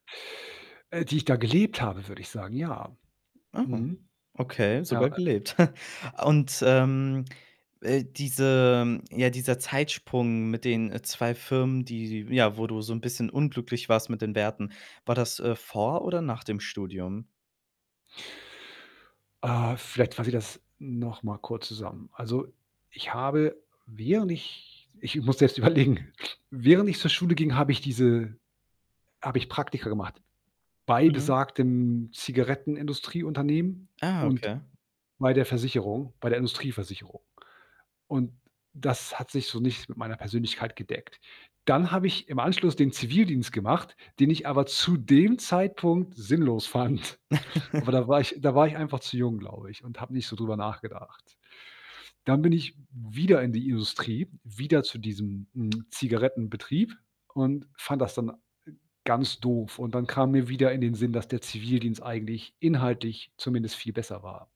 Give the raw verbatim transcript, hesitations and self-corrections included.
Äh, die ich da gelebt habe, würde ich sagen, ja. Oh. Mhm. Okay, Ja, sogar äh gelebt. Und, ähm, äh, diese ja, dieser Zeitsprung mit den, äh, zwei Firmen, die die ja, wo du so 'n bisschen unglücklich warst mit den Werten, war das, äh, vor oder nach dem Studium? Äh, vielleicht fasse ich das nochmal kurz zusammen. Also, ich habe während ich ich muss jetzt überlegen, während ich zur Schule ging, habe ich diese habe ich Praktika gemacht bei Mhm. besagtem Zigarettenindustrieunternehmen Ah, und okay. bei der Versicherung, bei der Industrieversicherung, und das hat sich so nicht mit meiner Persönlichkeit gedeckt. Dann habe ich im Anschluss den Zivildienst gemacht, den ich aber zu dem Zeitpunkt sinnlos fand. Aber da war ich da war ich einfach zu jung, glaube ich und habe nicht so drüber nachgedacht. Dann bin ich wieder in die Industrie, wieder zu diesem, hm, Zigarettenbetrieb und fand das dann ganz doof und dann kam mir wieder in den Sinn, dass der Zivildienst eigentlich inhaltlich zumindest viel besser war.